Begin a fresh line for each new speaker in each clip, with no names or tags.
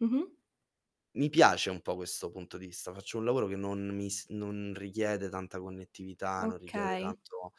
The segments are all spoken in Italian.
Mh-mh.
Mi piace un po' questo punto di vista. Faccio un lavoro che non mi s non richiede tanta connettività, non richiede
Okay.
tanto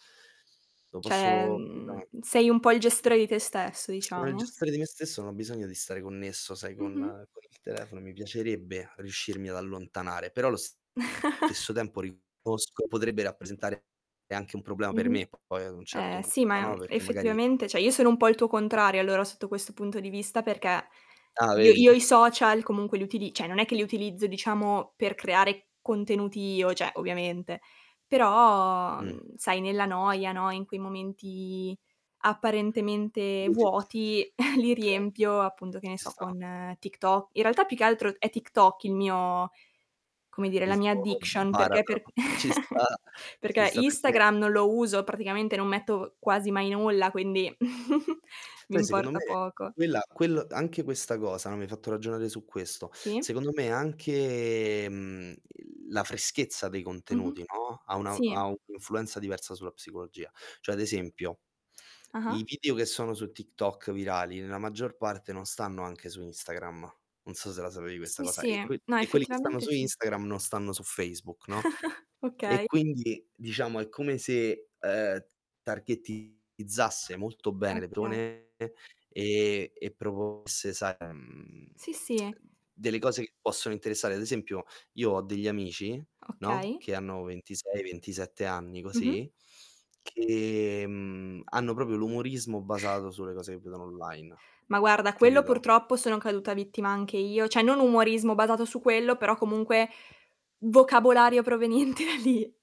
Lo
Cioè,
posso
mhmm,
Scusami.
sei un po' il gestore di te stesso,
Sono il
diciamo.
gestore di me stesso, non ho bisogno di stare connesso, sai, con
Mh-mh.
con il telefono. Mi piacerebbe riuscirmi ad allontanare, però allo stesso tempo riconosco, che potrebbe rappresentare anche un problema per
Mh-mh.
me poi ad un certo
Eh sì,
punto,
ma, mhmm,
no, perché magari
effettivamente cioè io sono un po' il tuo contrario allora sotto questo punto di vista, perché
Ah,
io
vedi.
io i social comunque li utili cioè non è che li utilizzo diciamo per creare contenuti io, cioè, ovviamente, però,
Mh.
mhmm, sai nella noia, no, in quei momenti
I
apparentemente
[unintelligible]
vuoti li
okay.
riempio appunto, che ne
Ci
so,
sta.
con TikTo In realtà, più che altro è TikTok il mio come dire, la
Il
mia
tuo
addiction, perché
baratro
per
ci sta. Ci
perché
sta perché
Instagram non lo uso, praticamente non metto quasi mai nulla, quindi mi
Poi secondo
importa
me
poco.
quella quel anche questa cosa, no, mi hai fatto ragionare su questo
Sì.
secondo me anche, mhmm, il la freschezza dei
Mh-mh.
contenuti, no, ha una ha
Sì.
un' influenza diversa sulla psicologia. Cioè, ad esempio, i
Ah-ah.
video che sono su TikTok virali, nella maggior parte non stanno anche su Instagram, non so se la sapevi questa
Sì,
cosa,
sì.
e que
No,
e quelli che stanno
effettivamente
su
sì.
Instagram non stanno su Facebook, no, e
Okay.
quindi, diciamo, è come se, uhm, targettizzasse molto bene le
Okay.
persone e e proponesse, sai, mhmm,
Sì, sì.
delle cose che possono interessare. Ad esempio io ho degli amici, no,
Okay.
che hanno 26, 27 anni
Mh-mh.
che, mhmm, hanno proprio l'umorismo basato sulle cose che vedono online.
Ma guarda, quello
Capito?
purtroppo sono caduta vittima anche io, cioè non umorismo basato su quello, però comunque vocabolario proveniente da lì.